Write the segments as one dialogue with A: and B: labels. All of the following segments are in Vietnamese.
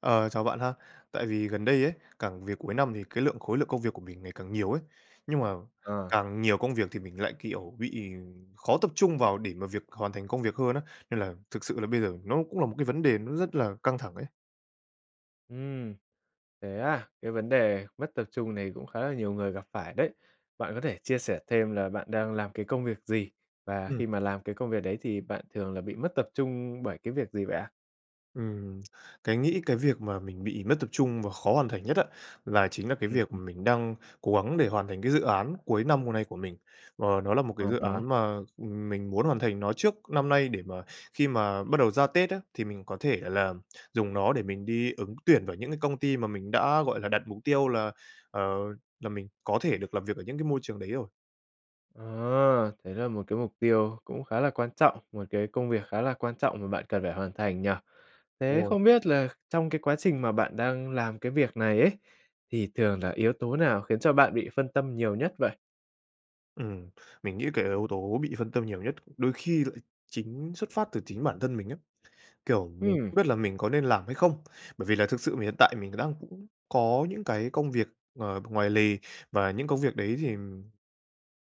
A: Ờ, chào bạn ha. Tại vì gần đây ấy, càng về cuối năm thì cái lượng khối lượng công việc của mình ngày càng nhiều ấy. Nhưng mà
B: Ờ.
A: càng nhiều công việc thì mình lại, kiểu, bị, ừm, khó tập trung vào để mà việc hoàn thành công việc hơn á. Nên là thực sự là bây giờ nó cũng là một cái vấn đề nó rất là căng thẳng ấy.
B: Ừm, thế à? Cái vấn đề mất tập trung này cũng khá là nhiều người gặp phải đấy. Bạn có thể chia sẻ thêm là bạn đang làm cái công việc gì và
A: Ừm.
B: khi mà làm cái công việc đấy thì bạn thường là bị mất tập trung bởi cái việc gì vậy ạ?
A: Ừm, cái nghĩ cái việc mà mình bị mất tập trung và khó hoàn thành nhất á, là, chính là cái
B: Ừ,
A: việc
B: ừ.
A: mà mình đang cố gắng để hoàn thành cái dự án cuối năm hôm nay của mình. Ờ, nó là một cái
B: À
A: dự
B: há.
A: án mà, ừm, mình muốn hoàn thành nó trước năm nay để mà, khi mà bắt đầu ra Tết á, thì mình có thể là dùng nó để mình đi ứng tuyển vào những cái công ty mà mình đã, gọi là, đặt mục tiêu là, ờ, là mình có thể được làm việc ở những cái môi trường đấy rồi.
B: Ờ, đấy là một cái mục tiêu cũng khá là quan trọng, một cái công việc khá là quan trọng mà bạn cần phải hoàn thành nhỉ?
A: Đúng
B: Thế
A: rồi.
B: không biết là trong cái quá trình mà bạn đang làm cái việc này ấy, thì thường là yếu tố nào khiến cho bạn bị phân tâm nhiều nhất vậy?
A: Ừm. Mình nghĩ cái yếu tố bị phân tâm nhiều nhất, đ đôi khi lại chính xuất phát từ chính bản thân mình ấy. Kiểu, mình
B: Ừm.
A: không biết là mình có nên làm hay không, bởi vì là thực sự mình hiện tại mình đang cũng có những cái công việc, ờ, ngoài lề. Và những công việc đấy thì,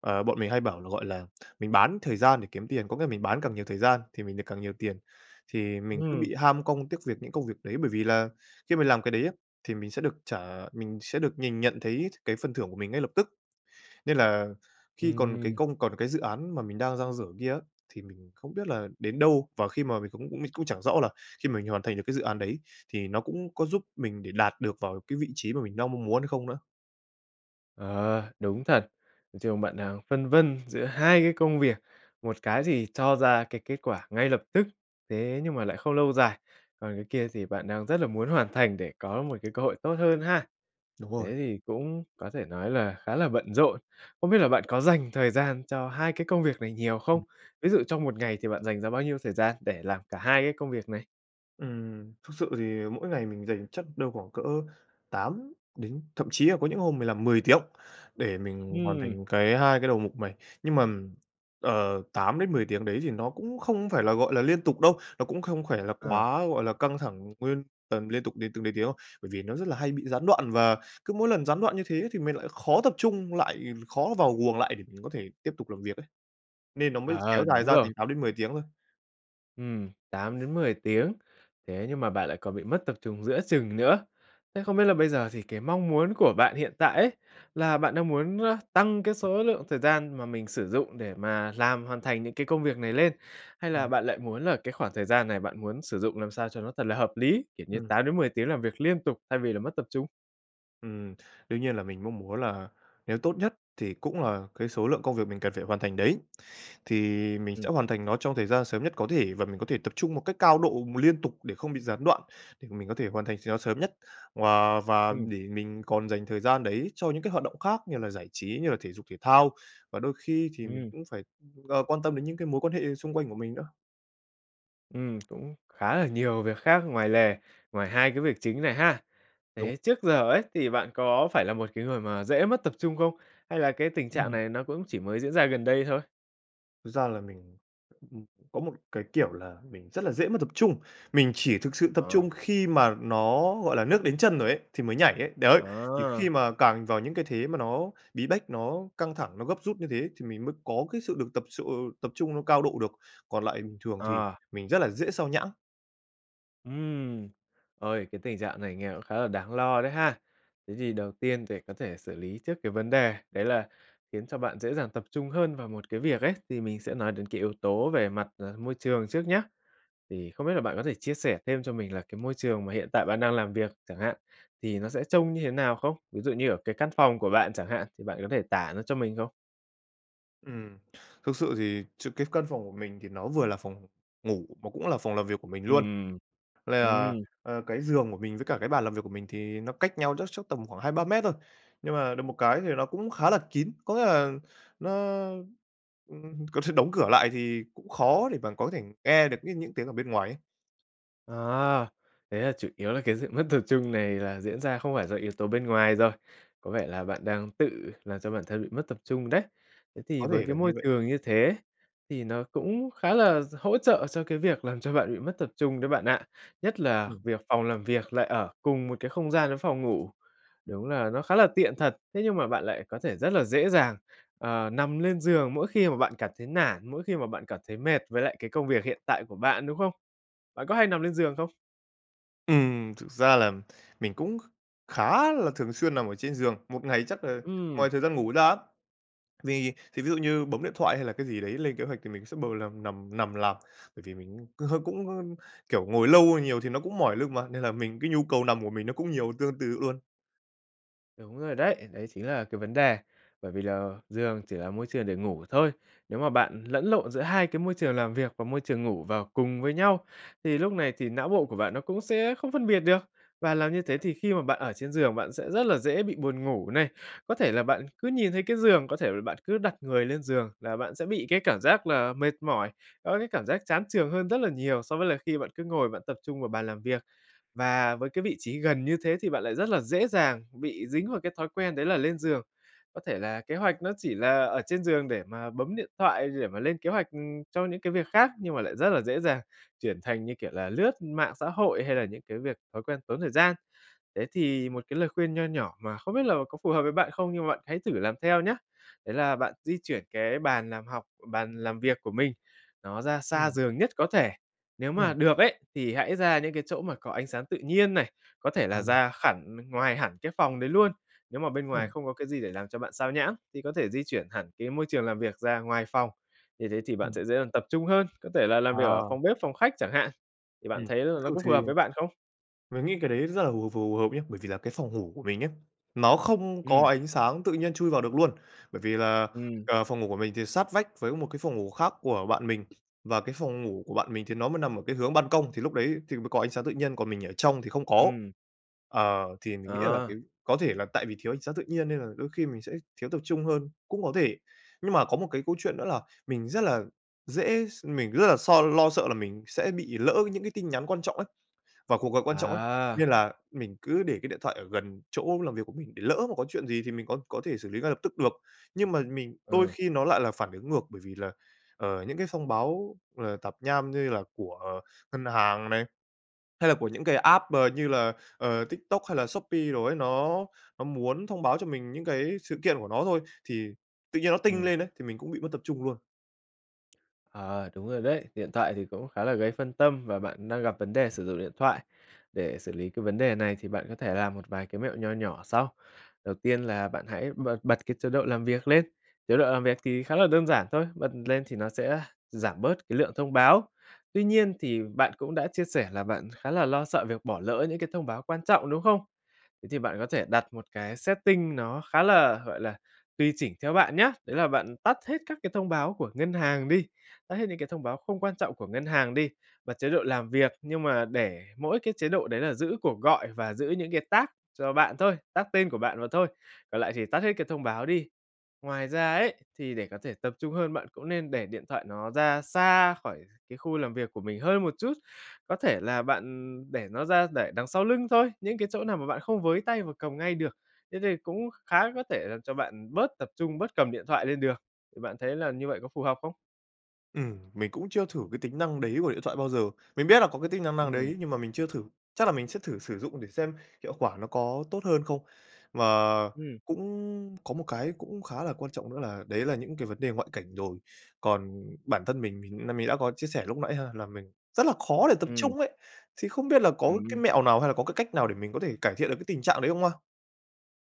A: ờ, bọn mình hay bảo là, gọi là, mình bán thời gian để kiếm tiền, có nghĩa là mình bán càng nhiều thời gian thì mình được càng nhiều tiền. Thì mình cứ
B: Ừm.
A: bị ham công tiếc việc những công việc đấy, bởi vì là khi mình làm cái đấy á thì mình sẽ được trả, mình sẽ được nhìn nhận thấy th cái phần thưởng của mình ngay lập tức. Nên là khi còn cái
B: Ừm.
A: công còn cái dự án mà mình đang dang dở kia á, thì mình không biết là đến đâu. Và khi mà mình cũng cũng mình cũng chẳng rõ là khi mà mình hoàn thành được cái dự án đấy thì nó cũng có giúp mình để đạt được vào cái vị trí mà mình đang mong muốn hay không nữa.
B: Ờ, đúng thật! Nói chung bạn đang phân vân giữa hai cái công việc. Một cái thì cho ra cái kết quả ngay lập tức thế nhưng mà lại không lâu dài, còn cái kia thì bạn đang rất là muốn hoàn thành để có một cái cơ hội tốt hơn ha.
A: Đúng rồi.
B: Thế thì cũng có thể nói là khá là bận rộn. Không biết là bạn có dành thời gian cho hai cái công việc này nhiều không?
A: Ừm.
B: Ví dụ trong một ngày thì bạn dành ra bao nhiêu thời gian để làm cả hai cái công việc này?
A: Ừm, thực sự thì mỗi ngày mình dành chắc đâu khoảng cỡ 8 đến thậm chí là có những hôm mình làm 10 tiếng, để mình hoàn
B: Ừm.
A: thành cái hai cái đầu mục này. Nhưng mà, ờ, 8-10 tiếng đấy thì nó cũng không phải là, gọi là, liên tục đâu, nó cũng không phải là
B: À.
A: quá, gọi là, căng thẳng nguyên tầm liên tục đến từng đấy tiếng đâu, bởi vì nó rất là hay bị gián đoạn và cứ mỗi lần gián đoạn như thế ấy thì mình lại khó tập trung lại, khó vào guồng lại để mình có thể tiếp tục làm việc ấy, nên nó mới kéo
B: Ờ,
A: dài
B: đúng
A: ra
B: rồi.
A: thành 8-10 tiếng thôi.
B: Ừm, 8-10 tiếng, thế nhưng mà bạn lại còn bị mất tập trung giữa chừng nữa. Thế không biết là bây giờ thì cái mong muốn của bạn hiện tại ấy, là bạn đang muốn, a, tăng cái số lượng thời gian mà mình sử dụng để mà làm, hoàn thành những cái công việc này lên, hay là
A: Ừm.
B: bạn lại muốn là cái khoảng thời gian này bạn muốn sử dụng làm sao cho nó thật là hợp lý? Kiểu như
A: Ừm.
B: 8-10 tiếng làm việc liên tục thay vì là mất tập trung?
A: Ừm, đương nhiên là mình mong muốn là nếu tốt nhất thì cũng là cái số lượng công việc mình cần phải hoàn thành đấy, thì mình sẽ
B: Ừm.
A: hoàn thành nó trong thời gian sớm nhất có thể, và mình có thể tập trung một cách cao độ mà liên tục để không bị gián đoạn, để mà mình có thể hoàn thành s nó sớm nhất và và
B: Ừm.
A: để mình còn dành thời gian đấy cho những cái hoạt động khác như là giải trí, như là thể dục thể thao, và đôi khi thì mình
B: Ừm.
A: cũng phải, ờ, quan tâm đến những cái mối quan hệ xung quanh của mình nữa.
B: Ừm, cũng khá là nhiều việc khác ngoài lề, ngoài hai cái việc chính này ha.
A: Đúng.
B: Thế trước giờ ấy thì bạn có phải là một cái người mà dễ mất tập trung không, hay là cái tình trạng
A: Ừm.
B: này nó cũng chỉ mới diễn ra gần đây thôi?
A: Thực ra là mình, ưm, có một cái, kiểu, là mình rất là dễ mất tập trung, mình chỉ thực sự tập
B: Ờ.
A: trung khi mà nó, gọi là, nước đến chân rồi ấy, thì mới nhảy ấy, đấy. Thì khi
B: Ờ.
A: mà càng vào những cái thế mà nó bí bách, nó căng thẳng, nó gấp rút như thế thì mình mới có cái sự được tập chô tập trung nó cao độ được, còn lại bình thường thì
B: À.
A: mình rất là dễ xao nhãng.
B: Ừm, ôi, cái tình trạng này nghe cũng khá là đáng lo đấy ha. Thế thì đầu tiên để có thể xử lý trước cái vấn đề đấy là khiến cho bạn dễ dàng tập trung hơn vào một cái việc ấy, thì mình sẽ nói đến cái yếu tố về mặt, ờ, môi trường trước nhá. Thì không biết là bạn có thể chia sẻ thêm cho mình là cái môi trường mà hiện tại bạn đang làm việc chẳng hạn, thì nó sẽ trông như thế nào không? Ví dụ như ở cái căn phòng của bạn chẳng hạn thì bạn có thể tả nó cho mình không?
A: Ừm, thực sự thì sự cái căn phòng của mình thì nó vừa là phòng ngủ, mà cũng là phòng làm việc của mình luôn.
B: Ừm,
A: Với lại là,
B: ừm.
A: à, cái giường của mình với cả cái bàn làm việc của mình thì nó cách nhau chắc chắc tầm khoảng 2, 3 mét thôi, nhưng mà được một cái thì nó cũng khá là kín, có nghĩa là nó, ưm có thể đóng cửa lại thì cũng khó để mà có thể nghe được những những tiếng ở bên ngoài ấy.
B: À, thế là chủ yếu là cái sự mất tập trung này là diễn ra không phải do yếu tố bên ngoài rồi. Có vẻ là bạn đang tự làm cho bản thân bị mất tập trung đấy. Thế thì
A: Có
B: với
A: thể
B: cái
A: là như
B: môi
A: vậy.
B: trường như thế thì nó cũng khá là d hỗ trợ cho cái việc làm cho bạn bị mất tập trung đấy bạn ạ. Nhất là
A: Ừm.
B: việc phòng làm việc lại ở cùng một cái không gian với phòng ngủ. Đúng là nó khá là tiện thật. Thế nhưng mà bạn lại có thể rất là dễ dàng, ờ, nằm lên giường mỗi khi mà bạn cảm thấy nản, mỗi khi mà bạn cảm thấy mệt với lại cái công việc hiện tại của bạn, đúng không? Bạn có hay nằm lên giường không?
A: Ừm, thực ra là mình cũng kh khá là thường xuyên nằm ở trên giường, một ngày chắc là ngoài
B: Ừm.
A: thời gian ngủ ra á. Vì thì ví dụ như bấm điện thoại hay là cái gì đấy lên kế hoạch thì mình sẽ bầu lằm nằm nằm làm, bởi vì mình c hơ cũng, ơ, kiểu, ngồi lâu nhiều thì nó cũng mỏi lưng mà nên là mình cái nhu cầu nằm của mình nó cũng nhiều tương tự luôn.
B: Đúng rồi đấy, đấy chính là cái vấn đề. Bởi vì là giường chỉ là môi trường để ngủ thôi. Nếu mà bạn lẫn lộn giữa hai cái môi trường làm việc và môi trường ngủ vào cùng với nhau, thì lúc này thì não bộ của bạn nó cũng sẽ không phân biệt được. Và làm như thế thì khi mà bạn ở trên giường, bạn sẽ rất là dễ bị buồn ngủ này. Có thể là bạn cứ nhìn thấy cái giường, có thể là bạn cứ đặt người lên giường là bạn sẽ bị cái cảm giác là mệt mỏi, có cái cảm giác chán chường hơn rất là nhiều so với là khi bạn cứ ngồi bạn tập trung vào bàn làm việc. Và với cái vị trí gần như thế thì bạn lại rất là dễ dàng bị dính vào cái thói quen đấy là lên giường. Có thể là kế hoạch nó chỉ là ở trên giường để mà bấm điện thoại, để mà lên kế hoạch, ừm, cho những cái việc khác, nhưng mà lại rất là dễ dàng chuyển thành, như kiểu là, lướt mạng xã hội hay là những cái việc, thói quen tốn thời gian. Thế thì một cái lời khuyên nho nhỏ mà không biết là có phù hợp với bạn không nhưng mà bạn hãy thử làm theo nhá. Đấy là bạn di chuyển cái bàn làm học bàn làm việc của mình, nó ra xa
A: Ừm.
B: giường nhất có thể. Nếu mà
A: Ừm.
B: được ấy, thì hãy ra những cái chỗ mà có ánh sáng tự nhiên này, có thể là
A: Ờ.
B: ra khẳn ngoài hẳn cái phòng đấy luôn. Nếu mà bên ngoài
A: Ừm.
B: không có cái gì để làm cho bạn sao nhãng thì có thể di chuyển hẳn cái môi trường làm việc ra ngoài phòng. Như thế thì bạn
A: Ừm.
B: sẽ dễ dàng tập trung hơn, có thể là làm việc ở
A: Ờ.
B: phòng bếp, phòng khách chẳng hạn, thì bạn
A: Ừm,
B: thấy là nó
A: thường
B: có phù
A: thì
B: hợp với bạn không?
A: Mình nghĩ cái đấy rất là hù phù hợp nhớ, bởi vì là cái phòng ngủ của mình ấy, nó không có
B: Ừm.
A: ánh sáng tự nhiên chui vào được luôn. Bởi vì là,
B: Ừm.
A: ờ, phòng ngủ của mình thì sát vách với một cái phòng ngủ khác của bạn mình và cái phòng ngủ của bạn mình thì nó mới nằm ở cái hướng ban công, thì lúc đấy thì mới có ánh sáng tự nhiên, còn mình ở trong thì không có.
B: Ừm.
A: Ờ, thì mình nghĩ là
B: Ờ.
A: cái có thể là tại vì thiếu sáng tự nhiên nên là đôi khi mình sẽ thiếu tập trung hơn, cũng có thể. Nhưng mà có một cái câu chuyện nữa là mình rất là dễ s mình rất là so lo sợ là mình sẽ bị lỡ những cái tin nhắn quan trọng ấy, và cuộc gọi quan trọng ấy.
B: À.
A: Nên là mình cứ để cái điện thoại ở gần chỗ làm việc của mình để lỡ mà có chuyện gì thì mình có có thể xử lý ngay lập tức được. Nhưng mà mình đôi
B: Ừ.
A: khi nó lại là phản ứng ngược, bởi vì là, ờ, những cái thông báo, ờ, tạp nham như là của ngân hàng này, hay là của những cái app b như là, ờ, TikTok hay là Shopee đồ ấy, nó nó muốn thông báo cho mình những cái sự kiện của nó thôi, thì tự nhiên nó tinh
B: Ừm.
A: lên ấy thì mình cũng bị mất tập trung luôn.
B: Ờ, đúng rồi đấy, điện thoại thì cũng khá là gây phân tâm và bạn đang gặp vấn đề sử dụng điện thoại. Để xử lý cái vấn đề này thì bạn có thể làm một vài cái mẹo nho nhỏ sau. Đầu tiên là bạn hãy bật bật cái chế độ làm việc lên, chế độ làm việc thì khá là đơn giản thôi, bật lên thì nó sẽ giảm bớt cái lượng thông báo. Tuy nhiên thì bạn cũng đã chia sẻ là bạn khá là lo sợ việc bỏ lỡ những cái thông báo quan trọng, đúng không? Thế thì bạn có thể đặt một cái setting nó khá là, gọi là, tùy chỉnh theo bạn nhá, đấy là bạn tắt hết các cái thông báo của ngân hàng đi, tắt hết những cái thông báo không quan trọng của ngân hàng đi và chế độ làm việc, nhưng mà để mỗi cái chế độ đấy là giữ cuộc gọi và giữ những cái tag cho bạn thôi, tag tên của bạn mà thôi, còn lại thì tắt hết cái thông báo đi. Ngoài ra ấy, thì để có thể tập trung hơn bạn cũng nên để điện thoại nó ra xa khỏi cái khu làm việc của mình hơn một chút, có thể là bạn để nó ra để đằng sau lưng thôi, những cái chỗ nào mà bạn không với tay và cầm ngay được. Thế thì cũng khá có thể làm cho bạn bớt tập trung, bớt cầm điện thoại lên được, thì bạn thấy làm như vậy có phù hợp không?
A: Ừm, mình cũng chưa thử cái tính năng đấy của điện thoại bao giờ. Mình biết là có cái tính năng năng
B: Ừm.
A: đấy nhưng mà mình chưa thử, chắc là mình sẽ thử sử dụng để xem hiệu quả nó có tốt hơn không. Mà
B: Ừm.
A: cũng có một cái cũng khá là quan trọng nữa, là đấy là những cái vấn đề ngoại cảnh rồi, còn bản thân mình, mình nghĩ là mình đã có chia sẻ lúc nãy ha là mình rất là khó để tập
B: Ừm.
A: trung ấy! Thì không biết là có cái
B: Ừm.
A: mẹo nào hay là có cái cách nào để mình có thể cải thiện được cái tình trạng đấy không ha?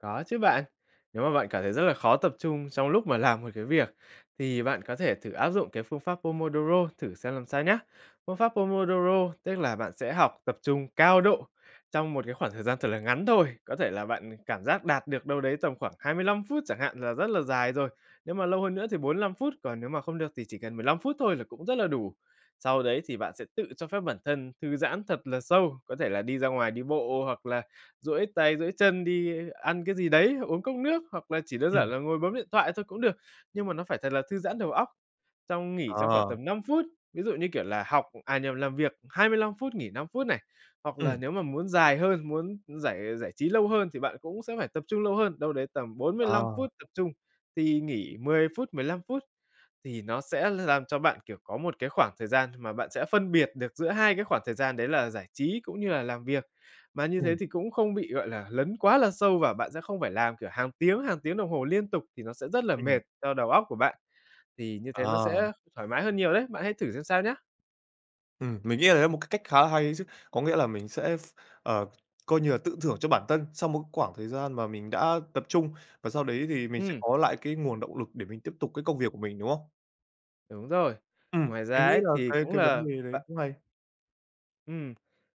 B: Có chứ bạn. Nếu mà bạn cảm thấy rất là khó tập trung trong lúc mà làm một cái việc, thì bạn có thể thử áp dụng cái phương pháp Pomodoro thử xem làm sao nhá. Phương pháp Pomodoro tức là bạn sẽ học tập trung cao độ trong một cái khoảng thời gian thật là ngắn thôi. Có thể là bạn cảm giác đạt được đâu đấy tầm khoảng 25 phút chẳng hạn là rất là dài rồi, nhưng mà lâu hơn nữa thì 45 phút, còn nếu mà không được thì chỉ cần 15 phút thôi là cũng rất là đủ. Sau đấy thì bạn sẽ tự cho phép bản thân thư giãn thật là sâu, có thể là đi ra ngoài đi bộ hoặc là duỗi tay, duỗi chân, đi ăn cái gì đấy, uống cốc nước, hoặc là chỉ đơn
A: Ừm.
B: giản là ngồi bấm điện thoại thôi cũng được. Nhưng mà nó phải thật là thư giãn đầu óc trong nghỉ trong khoảng
A: Ờ.
B: tầm 5 phút. Ví dụ như kiểu là học à nhầm làm việc 25 phút nghỉ 5 phút này, hoặc là
A: Ừm.
B: nếu mà muốn dài hơn, muốn giải giải trí lâu hơn thì bạn cũng sẽ phải tập trung lâu hơn, đâu đấy tầm 45
A: Ờ.
B: phút tập trung thì nghỉ 10 phút, 15 phút. Thì nó sẽ làm cho bạn, kiểu, có một cái khoảng thời gian mà bạn sẽ phân biệt được giữa hai cái khoảng thời gian đấy là giải trí cũng như là làm việc. Mà như thế
A: Ừm.
B: thì cũng không bị, gọi là, lấn quá là sâu và bạn sẽ không phải làm, kiểu, hàng tiếng, hàng tiếng đồng hồ liên tục, thì nó sẽ rất là
A: Ừm.
B: mệt cho đầu óc của bạn. Thì như thế nó
A: Ờ.
B: sẽ thoải mái hơn nhiều đấy, bạn hãy thử xem sao nhá.
A: Ừm, mình nghĩ là đấy là một cái cách khá là hay ấy chứ. Có nghĩa là mình sẽ ph ờ, coi như là, tự thưởng cho bản thân sau một khoảng thời gian mà mình đã tập trung, và sau đấy thì mình sẽ
B: Ừm.
A: có lại cái nguồn động lực để mình tiếp tục cái công việc của mình, đúng không?
B: Đúng rồi.
A: Ừm,
B: Ngoài ra
A: mình nghĩ
B: ấy
A: là
B: thì
A: cái
B: cũng
A: cái
B: là
A: vấn đề đấy
B: bạn
A: cũng hay.
B: Ừm.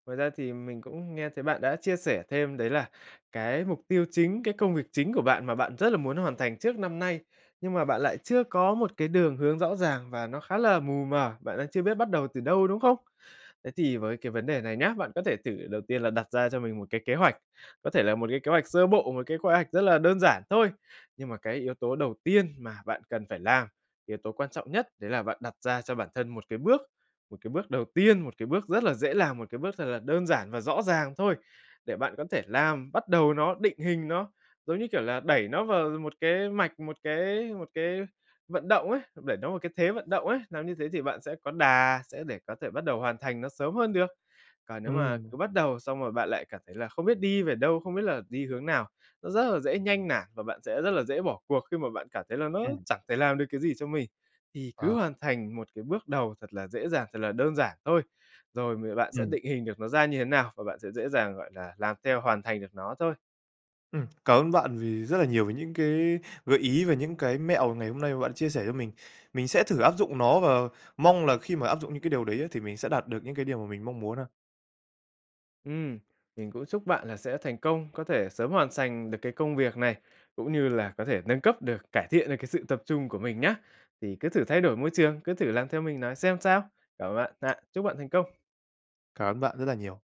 B: Ngoài ra thì mình cũng nghe thấy bạn đã chia sẻ thêm đấy là cái mục tiêu chính, cái công việc chính của bạn mà bạn rất là muốn hoàn thành trước năm nay, nhưng mà bạn lại chưa có một cái đường hướng rõ ràng và nó khá là mù mờ, bạn đang chưa biết bắt đầu từ đâu, đúng không? Thế thì với cái vấn đề này nhá, bạn có thể thử đầu tiên là đặt ra cho mình một cái kế hoạch, có thể là một cái kế hoạch sơ bộ, một cái khóe hoạch rất là đơn giản thôi. Nhưng mà cái yếu tố đầu tiên mà bạn cần phải làm, yếu tố quan trọng nhất đấy là bạn đặt ra cho bản thân một cái bước, một cái bước đầu tiên, một cái bước rất là dễ làm, một cái bước thật là đơn giản và rõ ràng thôi, để bạn có thể làm, bắt đầu nó, định hình nó, giống như, kiểu, là đẩy nó vào một cái mạch, một cái một cái vận động ấy, đẩy nó vào cái thế vận động ấy, làm như thế thì bạn sẽ có đà, sẽ để có thể bắt đầu hoàn thành nó sớm hơn được. Còn nếu mà
A: Ừm.
B: cứ bắt đầu xong rồi bạn lại cảm thấy là không biết đi về đâu, không biết là đi hướng nào, nó rất là dễ nhanh nản và bạn sẽ rất là dễ bỏ cuộc khi mà bạn cảm thấy là nó
A: Ừm.
B: chẳng thể làm được cái gì cho mình. Thì cứ
A: Ờ.
B: hoàn thành một cái bước đầu thật là dễ dàng, thật là đơn giản thôi, rồi mười bạn sẽ
A: Ừm.
B: định hình được nó ra như thế nào và bạn sẽ dễ dàng, gọi là, làm theo hoàn thành được nó thôi.
A: Ừm, cảm ơn bạn vì rất là nhiều về những cái gợi ý về những cái mẹo ngày hôm nay mà bạn chia sẻ cho mình, mình sẽ thử áp dụng nó và mong là khi mà áp dụng những cái điều đấy á, thì mình sẽ đạt được những cái điều mà mình mong muốn ha.
B: Ừm, mình cũng chúc bạn là sẽ thành công, có thể sớm hoàn sành được cái công việc này, cũng như là có thể nâng cấp được, cải thiện được cái sự tập trung của mình nhá. Thì cứ thử thay đổi môi trường, cứ thử làm theo mình nói xem sao. Cảm ơn bạn ạ. Chúc bạn thành công.
A: Cảm ơn bạn rất là nhiều.